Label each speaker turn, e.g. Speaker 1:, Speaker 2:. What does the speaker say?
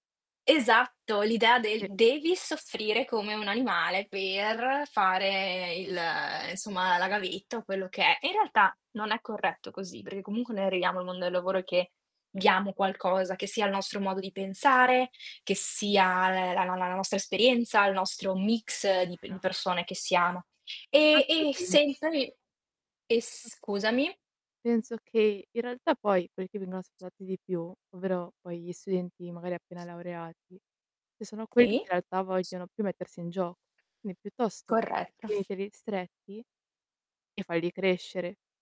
Speaker 1: Esatto, l'idea del
Speaker 2: Sì.
Speaker 1: "devi soffrire come un animale per fare
Speaker 2: Sì.
Speaker 1: il insomma, la gavetta o quello che è". In realtà non è corretto così, perché comunque noi arriviamo nel mondo del lavoro che diamo qualcosa, che sia il nostro modo di pensare, che sia la la la la nostra esperienza, il nostro mix
Speaker 2: È
Speaker 1: di p persone che siamo.
Speaker 2: vero.
Speaker 1: E e
Speaker 2: [unintelligible]
Speaker 1: sempre e scusami?
Speaker 2: Penso che in realtà poi quelli che vengono ascoltati di più, ovvero poi gli studenti magari appena laureati, che sono quelli che
Speaker 1: Sì.
Speaker 2: in realtà vogliono più mettersi in gioco. Quindi piuttosto
Speaker 1: Corretto.
Speaker 2: tieniteli stretti e falli crescere.